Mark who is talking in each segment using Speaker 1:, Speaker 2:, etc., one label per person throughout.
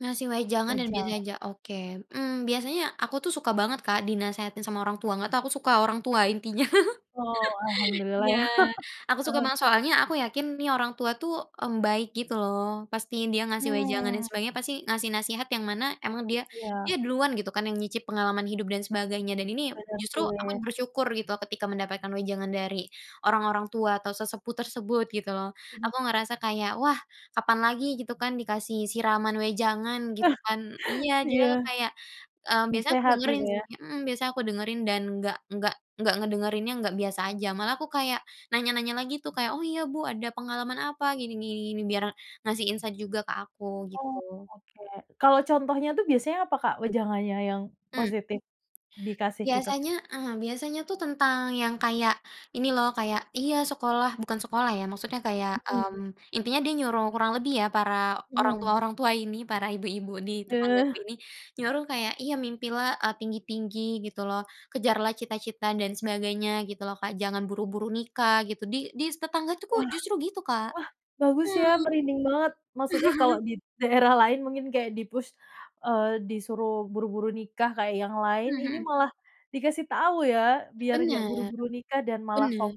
Speaker 1: Ngasih wejangan dan biasa
Speaker 2: Wejangan.
Speaker 1: aja. Oke. Hmm, biasanya aku tuh suka banget Kak dinasehati sama orang tua, nggak tau, aku suka orang tua intinya.
Speaker 2: Oh, alhamdulillah
Speaker 1: Iya,
Speaker 2: ya.
Speaker 1: aku suka
Speaker 2: Heeh.
Speaker 1: banget. Soalnya aku yakin nih orang tua tuh, mmm, baik gitu loh, pasti dia ngasih wejangan dan
Speaker 2: Hmm.
Speaker 1: sebagainya, pasti ngasih nasihat yang mana emang dia dia
Speaker 2: Iya.
Speaker 1: duluan gitu kan yang nyicip pengalaman hidup dan sebagainya, dan ini
Speaker 2: Bener
Speaker 1: justru aku
Speaker 2: sih.
Speaker 1: bersyukur gitu ketika mendapatkan wejangan dari orang-orang tua atau sesepuh tersebut gitu loh.
Speaker 2: Hmm.
Speaker 1: Aku ngerasa kayak, wah kapan lagi gitu kan dikasih siraman wejangan gitu kan. Iya, dia
Speaker 2: Iya.
Speaker 1: kayak, mmm, biasa aku
Speaker 2: Nasehat gitu
Speaker 1: dengerin
Speaker 2: ya.
Speaker 1: sih. Hmm, biasanya aku dengerin dan nggak nggak nggak ngedengerinnya, nggak biasa aja. Malah aku kayak nanya-nanya lagi tuh. Kayak, "Oh iya Bu ada pengalaman apa?" "Gini gini gini," biar ngasih insight juga ke aku
Speaker 2: Oh
Speaker 1: gitu.
Speaker 2: oke. Kalau contohnya itu biasanya apa Kak wejangannya yang
Speaker 1: Hmm.
Speaker 2: positif dikasih itu?
Speaker 1: Biasanya, mmm, biasanya tuh tentang yang kayak ini loh kayak, iya sekolah bukan sekolah ya, maksudnya kayak,
Speaker 2: Mhm.
Speaker 1: mmm, intinya dia nyuruh, kurang lebih ya para orang tua
Speaker 2: Iya.
Speaker 1: orang tua ini, para ibu-ibu di
Speaker 2: Eh.
Speaker 1: tetanggaku ini, nyuruh kayak iya, mimpilah, eee, tinggi-tinggi gitu loh. Kejarlah cita-cita dan sebagainya gitu loh Kak, jangan buru-buru nikah gitu. Di di s tetanggaku tuh
Speaker 2: Wah.
Speaker 1: justru gitu Kak.
Speaker 2: Wah, bagus ya!
Speaker 1: Hmm.
Speaker 2: Merinding banget! Maksudnya kalau di daerah lain mungkin kaya di-push, eee, disuruh buru-buru nikah kayak yang lain,
Speaker 1: Mmm,
Speaker 2: ini
Speaker 1: hmm.
Speaker 2: malah dikasih tahu ya biar nggak
Speaker 1: Bener.
Speaker 2: buru-buru nikah, dan malah fok
Speaker 1: Bener.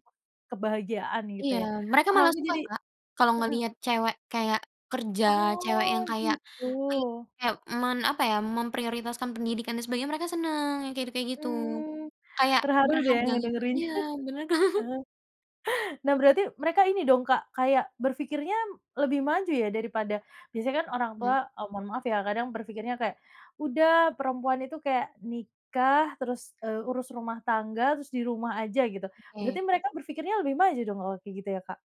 Speaker 2: kebahagiaan gitu
Speaker 1: Iya.
Speaker 2: ya.
Speaker 1: Mereka
Speaker 2: Ah
Speaker 1: malah
Speaker 2: aku
Speaker 1: suka
Speaker 2: jadi
Speaker 1: Kak, kalau
Speaker 2: heeh.
Speaker 1: ngelihat cewek kayak kerja, cewek
Speaker 2: Oh
Speaker 1: yang kayak
Speaker 2: gitu.
Speaker 1: [unintelligible] kayak men apa ya, memprioritaskan pendidikan dan sebagainya, mereka seneng. Yang kayak kayak gitu.
Speaker 2: Mmm.
Speaker 1: Kayak
Speaker 2: Terharu deh
Speaker 1: berharga gitu.
Speaker 2: ngedengerinnya.
Speaker 1: Iya, bener.
Speaker 2: Mhm. Nah berarti mereka ini dong Kak, kayak berpikirnya lebih maju ya daripada biasanya kan orang
Speaker 1: Hmm.
Speaker 2: tua, eee, mohon maaf ya, kadang berpikirnya kayak, "Udah perempuan itu kayak nikah terus, eee, urus rumah tangga, terus di rumah aja," gitu. Berarti
Speaker 1: Oke.
Speaker 2: mereka berpikirnya lebih maju dong kalo gitu ya Kak?